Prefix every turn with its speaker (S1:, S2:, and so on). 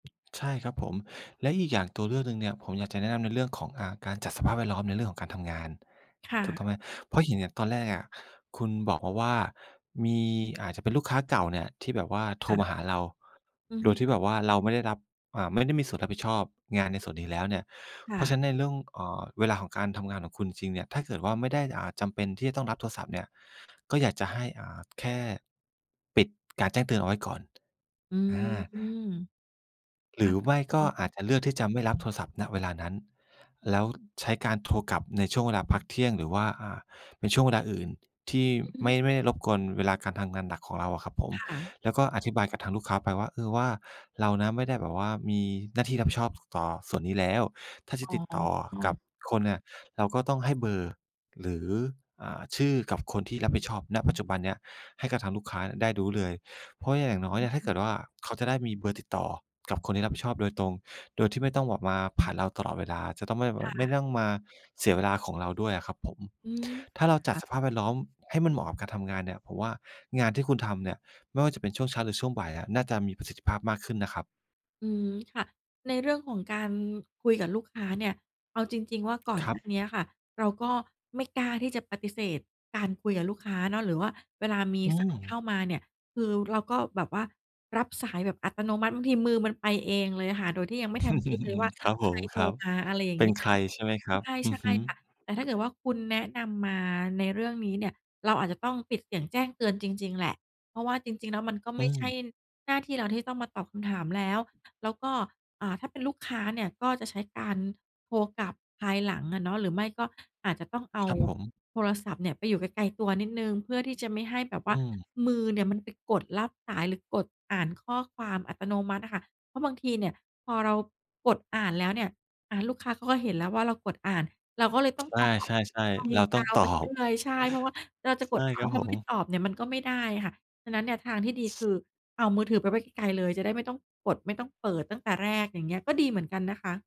S1: ใช่ครับผม และอีกอย่าง ตัวเลือกหนึ่งเนี่ย ผมอยากจะแนะนำในเรื่องของ อ่า การจัดสภาพแวดล้อมในเรื่องของการทำงาน
S2: ค่
S1: ถูกต
S2: ะ
S1: ้องไหม เพราะเห็นอะตอนแรกอะ คุณบอกมาว่า มี อาจจะเป็นลูกค้าเก่าเนี่ยที่แบบว่าโท
S2: ค
S1: ร
S2: ่ะ
S1: มาหาเรา
S2: อือ
S1: โด
S2: ฮึ
S1: ยที่แบบว่าเราไม่ได้รับ อ่า ไม่ได้มีส่วนรับผิดชอบงานในส่วนนี้แล้วเนี่ย
S2: ค
S1: เ
S2: ่
S1: พราะ
S2: ะ
S1: ฉะนั้นในเรื่อง เอ่อ เวลาของการทำงานของคุณจริง ๆ เนี่ย ถ้าเกิดว่า ไม่ได้ อ่า จำเป็นที่จะต้องรับโทรศัพท์เนี่ย ก็อยากจะให้ อ่า แค่ปิดการแจ้งเตือนเอาไว้ก่อน
S2: อื
S1: อ
S2: ม
S1: า
S2: ค
S1: หร
S2: ่
S1: ื
S2: ะ
S1: อไม่ก็อาจจะเลือกที่จะไม่ รับโทรศัพท์ ณ เวลานั้น แล้วใช้การ โทรกลับในช่วงเวลาพักเที่ยง หรือว่า อ่า ในช่วงเวลาอื่นที่
S2: อือ
S1: ไ
S2: ฮ
S1: ม
S2: ึ
S1: ่ ไม่ รบกวนเวลาการทำงานหนักของเราอะครับผม
S2: ค่ะ
S1: แล้วก็อธิบายกับทางลูกค้าไปว่า เออ ว่า เรานะไม่ได้แบบว่ามีหน้า ที่รับผิดชอบ ต่อส่วนนี้แล้ว ถ้าจะ
S2: อ๋
S1: ติดต่อกั
S2: อ
S1: บคนเนี่ย เราก็ต้องให้เบอร์ หรือ อ่า ชื่อ กับคนที่รับผิดชอบ ณ ปัจจุบันเนี้ย ให้กับทางลูกค้าได้รู้เลย เพราะว่าอย่างน
S2: อ
S1: ้อยอะ ถ้า
S2: ื
S1: เก
S2: ม
S1: ิดว่า เขาจะได้มีเบอร์ติดต่อ กับคนที่รับผิดชอบโดยตรง โดยที่ไม่ต้องบอกมา ผ่านเราตลอดเวลา จะต้องไม่บอ
S2: ค
S1: ก
S2: ่
S1: ไม่
S2: ะ
S1: ต้องมาเสียเวลาของเราด้วยอะครับผม
S2: อืม
S1: ถ้าเราจั
S2: อ
S1: ด
S2: ะ
S1: สภาพแวดล้อมให้มันเหมาะกับ การทำงานเนี่ย ผมว่างานที่คุณทำเนี่ย ไม่ว่าจะเป็นช่วงเช้าหรือช่วงบ่ายอะ น่าจะมีประสิทธิภาพมากขึ้นนะครับ
S2: อืม ค่ะ ในเรื่องของการ คุยกับลูกค้าเนี่ย เอาจริง ๆ ว่า ก่อน
S1: คร
S2: ห
S1: ั
S2: น้าเนี้
S1: บ
S2: ยค่ะ เราก็ ไม่กล้าที่จะปฏิเสธการคุยกับลูกค้าเนาะ หรือว่าเวลามี
S1: อื
S2: สายเข้า
S1: ม
S2: มาเนี่ย คือ เราก็แบบว่า รับสายแบบอัตโนมัติ บางทีมือมันไปเองเลยอะค่ะ โดยที่ยังไม่ทันคิดเลยว่า
S1: ครับ
S2: ใค
S1: ผ
S2: ร
S1: ม
S2: โท
S1: ค
S2: ร
S1: รับ
S2: มา อะไรอย่า
S1: เ
S2: ง
S1: ป
S2: เ
S1: ็
S2: ง
S1: น
S2: ี้ย
S1: ใครใช่ไหมครับ?
S2: ใ
S1: อื
S2: ช่
S1: อฮึ
S2: ๆ ค่ะ แต่ถ้าเกิดว่า คุณแนะนำมาในเรื่องนี้เนี่ย เราอาจจะต้องปิดเสียงแจ้งเตือนจริง ๆ แหละ เพราะว่าจริง ๆ แล้วมันก็
S1: อ
S2: ไ
S1: ื
S2: ม่ใช่
S1: ม
S2: หน้าที่เรา ที่ต้องมาตอบคำถามแล้ว แล้วก็ อ่า ถ้าเป็นลูกค้าเนี่ย ก็จะใช้การโทรกลับภายหลังอะเนาะ หรือไม่ก็อาจจะต้องเอา
S1: ครับ ผม
S2: โทรศัพท์เนี่ยไปอยู่ไกล ๆ ตัวนิดหนึ่ง เพื่อที่จะไม่ให้แบบว
S1: อ
S2: ่า
S1: ืม
S2: มือเนี่ย มันไปกดรับสาย หรือกดอ่านข้อความอัตโนมัติอะค่ะ เพราะบางทีเนี่ย พอเรากดอ่านแล้วเนี่ย อ่า ลูกค้าเขาก็เห็นแล้วว่า เรากดอ่าน เราก็เลยต้องตอบ
S1: ใช่
S2: ไป
S1: ๆ ๆ เรา
S2: ย
S1: ต้อง
S2: าว
S1: ต
S2: ไป
S1: อ
S2: เรื
S1: บ
S2: ่อย ใช่ เพราะว่าเราจะ
S1: ใ
S2: ก
S1: ช
S2: ด
S1: ่
S2: อ่า
S1: ค
S2: นแ
S1: รั
S2: ล้
S1: บ
S2: วเร
S1: ผ
S2: าไม่
S1: ม
S2: ตอบเนี่ยมันก็ไม่ได้ค่ะ ฉะนั้นทางที่ดีคือ เอามือถือไปไว้ไกล ๆ เลย จะได้ไม่ต้องกดไม่ต้องเปิดตั้งแต่แรก อย่างเงี้ย ก็ดีเหมือนกันนะคะ